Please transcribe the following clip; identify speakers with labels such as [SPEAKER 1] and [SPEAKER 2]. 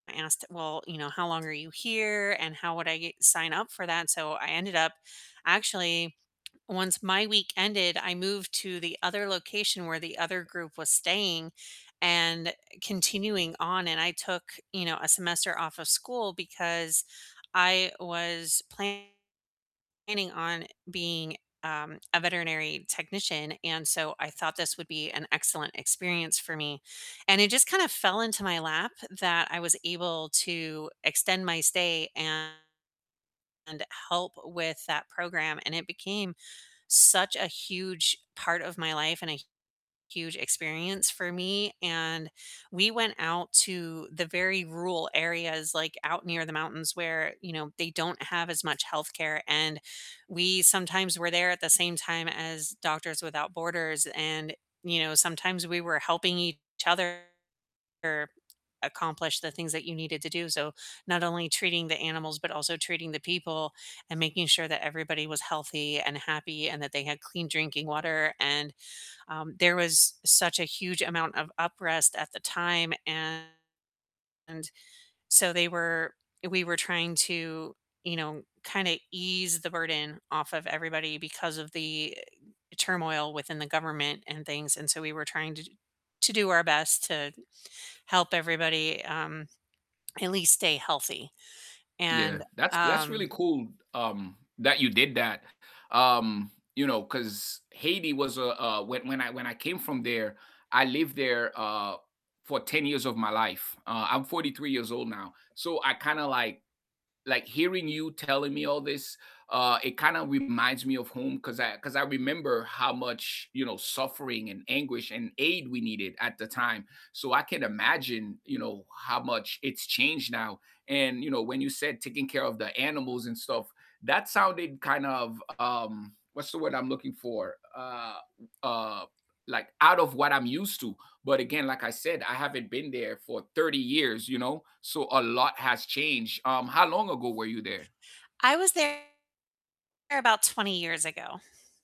[SPEAKER 1] I asked, "Well, you know, how long are you here? And how would I g sign up for that?" So, I ended up actually, once my week ended, I moved to the other location where the other group was staying, and continuing on, and I took, you know, a semester off of school because I was planning on being, um, a veterinary technician, and, so, I thought this would be an excellent experience for me. And it just kind of fell into my lap that I was able to extend my stay and help with that program, and it became such a huge part of my life, and a huge experience for me, and we went out to the very rural areas, like, out near the mountains where, you know, they don't have as much healthcare, and we sometimes were there at the same time as Doctors Without Borders and, you know, sometimes we were helping each other accomplish the things that you needed to do. So, not only treating the animals, but also treating the people, and making sure that everybody was healthy, and happy, and that they had clean drinking water, and, um, there was such a huge amount of up rest at the time and, so, they were we were trying to, you know, kinda ease the burden off of everybody because of the turmoil within the government and things, and, so, we were trying to to do our best to help everybody, um, at least stay healthy,
[SPEAKER 2] Yeah,
[SPEAKER 1] and,
[SPEAKER 2] that's that's
[SPEAKER 1] um
[SPEAKER 2] really cool, um, that you did that, um, you know, 'cause Haiti was a a when when I when I came from there, I lived there, uh, for 10 years of my life, uh, I'm 43 years old now, so, I kinda like like hearing you telling me all this, uh, it kinda reminds me of home 'cause I 'cause I remember how much, you know, suffering, and anguish, and aid we needed at the time. So, I can't imagine, you know, how much it's changed now and, you know, when you said taking care of the animals and stuff, that sounded kind of, um what's the word I'm looking for? Uh uh, like, out of what I'm used to, but again, like I said, I haven't been there for 30 years, you know, so, a lot has changed, um, how long ago were you there?
[SPEAKER 1] I was there about 20 years ago.